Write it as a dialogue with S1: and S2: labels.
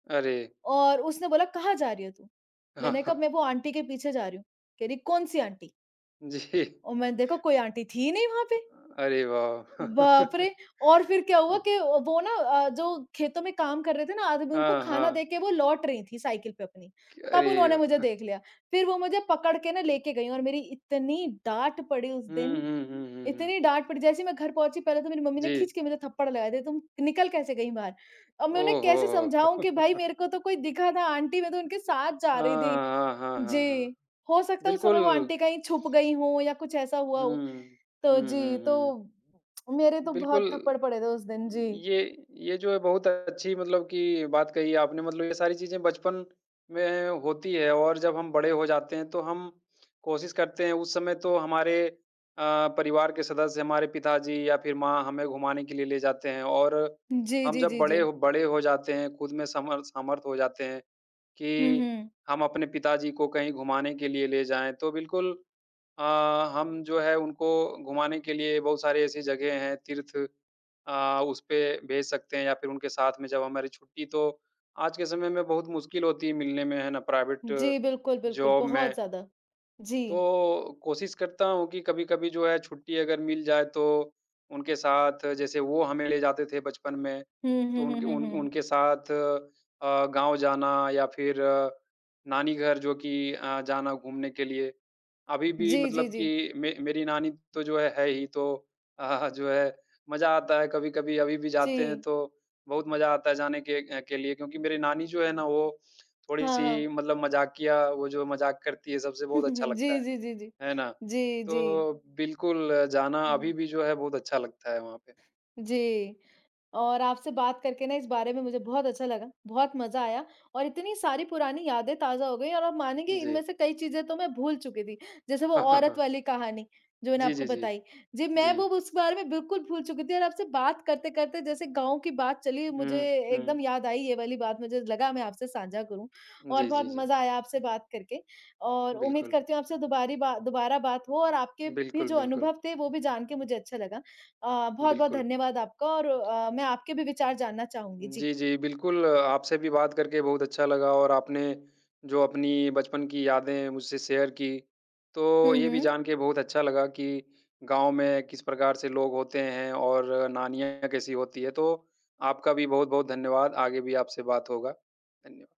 S1: अरे!
S2: और उसने बोला कहाँ जा रही है तू?
S1: हाँ,
S2: मैंने कहा
S1: हाँ।
S2: मैं वो आंटी के पीछे जा रही हूँ, कह रही कौन-सी आंटी?
S1: जी।
S2: और मैंने देखा कोई आंटी थी ही नहीं वहाँ पे।
S1: अरे वाह!
S2: बाप रे! और फिर क्या हुआ कि वो ना अ, जो खेतों में काम कर रहे थे ना आदमी उनको
S1: हाँ,
S2: खाना
S1: हाँ।
S2: देके वो लौट रहीं थी, साइकिल पे अपनी,
S1: कय
S2: तब
S1: अरे
S2: उन्होंने मुझे
S1: वाह!
S2: देख लिया। फिर वो मुझे पकड़ के ना लेके गईं, और मेरी इतनी डाँट पड़ी उस
S1: हुँ,
S2: दिन,
S1: हुँ, हुँ, हुँ, हुँ।
S2: इतनी डाँट पड़ी, जैसे ही मैं घर पहुँची पहले तो मेरी मम्मी ने
S1: जी।
S2: खींच के मुझे थप्पड़ लगाए दिए, तुम निकल कैसे गई बाहर। अब मैं उन्हें
S1: ओह
S2: कैसे
S1: हो
S2: समझाऊँ कि भाई
S1: हो।
S2: मेरे को तो कोई दिखा था, आंटी मैं तो उनके साथ जा
S1: हाँ,
S2: रही थी।
S1: हाँ, हाँ, हाँ, हाँ,
S2: जी, हो सकता है उस समय वो
S1: बिल्कुल।
S2: आंटी कहीं छुप गई हों या कुछ ऐसा हुआ
S1: हुँ,
S2: हो।
S1: हुँ,
S2: तो
S1: हुँ,
S2: जी,
S1: हुँ, हुँ।
S2: तो मेरे तो
S1: बिल्कुल
S2: बहुत थप्पड़ पड़े थे उस दिन, जी।
S1: ये ये जो है बहुत अच्छी मतलब कि बात कही आपने मतलब ये सारी चीज़ें बचपन में होती हैं और जब हम बड़े हो जाते हैं, तो हम कोशिश करते हैं उस समय तो हमारे अ, परिवार के सदस्य, हमारे पिताजी या फिर माँ, हमें घुमाने के लिए ले जाते हैं और
S2: जी,
S1: हम
S2: जी,
S1: जब
S2: जी,
S1: बड़े
S2: जी।
S1: ह बड़े हो जाते हैं, ख़ुद में समर्थ समर्थ हो जाते हैं
S2: हुँ,
S1: कि
S2: हुँ।
S1: हम अपने पिताजी को कहीं घुमाने के लिए ले जाएँ, तो बिल्कुल अ, हम जो है उनको घुमाने के लिए बहुत सारी ऐसी जगह हैं, तीर्थ अ, उसपे भेज सकते हैं या फिर उनके साथ में जब हमारी छुट्टी तो, आज के समय में बहुत मुश्किल होती है मिलने में, है ना, प्राइवेट
S2: जी, बिल्कुल, बिल्कुल,
S1: जॉब
S2: बहुत
S1: में।
S2: ज़्यादा, जी।
S1: तो कोशिश करता हूँ कि कभी-कभी जो है छुट्टी अगर मिल जाए, तो उनके साथ जैसे वो हमें ले जाते थे बचपन में।
S2: हुँ,
S1: तो
S2: हुँ, हुँ,
S1: उनके
S2: हुँ,
S1: उन
S2: हुँ।
S1: उनके साथ अ, गाँव जाना या फिर नानी घर जो कि अ, जाना घूमने के लिए। अभी भी
S2: जी, जी,
S1: मतलब
S2: जी।
S1: कि मे मेरी नानी तो जो है है ही, तो जो है मज़ा आता है कभी-कभी अभी भी जाते हैं,
S2: जी।
S1: तो बहुत मज़ा आता है जाने के के लिए क्योंकि मेरी नानी जो है ना, वो
S2: हाँ,
S1: थोड़ी-सी
S2: हाँ।
S1: मतलब मज़ाकिया, वो जो मज़ाक करती है सबसे, बहुत अच्छा लगता
S2: जी,
S1: है,
S2: जी, जी, जी,
S1: है ना।
S2: जी, जी।
S1: तो बिल्कुल, जाना अभी
S2: हुँ।
S1: भी जो है बहुत अच्छा लगता है वहाँ पे।
S2: जी, और आपसे बात करके ना इस बारे में मुझे बहुत अच्छा लगा, बहुत मज़ा आया और इतनी सारी पुरानी यादें ताज़ा हो गई और आप मानेंगे इनमें
S1: जी।
S2: से कई चीज़ें तो मैं भूल चुकी थी। जैसे वो औरत वाली कहानी, जो मैंने
S1: जी,
S2: आपको
S1: जी, जी,
S2: बताई, जी, मैं वो
S1: जी।
S2: उस बारे में बिल्कुल भूल चुकी थी और आपसे बात करते-करते, जैसे गाँव की बात चली, मुझे
S1: हुँ,
S2: एकदम
S1: हुँ।
S2: याद आई ये वाली बात, मुझे लगा मैं आपसे साँझा करूँ और
S1: जी,
S2: बहुत
S1: जी, जी।
S2: मज़ा आया आपसे बात करके और उम्मीद
S1: बिल्कुल।
S2: करती हूँ आपसे दोबरी बा दोबारा बात हो और आपके भी
S1: बिल्कुल,
S2: जो
S1: बिल्कुल।
S2: अनुभव थे, वो भी जान के मुझे अच्छा लगा। अ, बहुत-बहुत
S1: बिल्कुल।
S2: धन्यवाद आपका और अ, मैं आपके भी विचार जानना चाहूँगी, जी।
S1: जी, जी, बिल्कुल आपसे भी बात करके बहुत अच्छा लगा और आपने जो अपनी बचपन की यादें मुझसे शेयर की, तो
S2: हुँ,
S1: ये भी
S2: हुँ।
S1: जान के बहुत अच्छा लगा कि गाँव में किस प्रकार से लोग होते हैं और नानियाँ कैसी होती हैं। तो आपका भी बहुत-बहुत धन्यवाद, आगे भी आपसे बात होगा। धन्य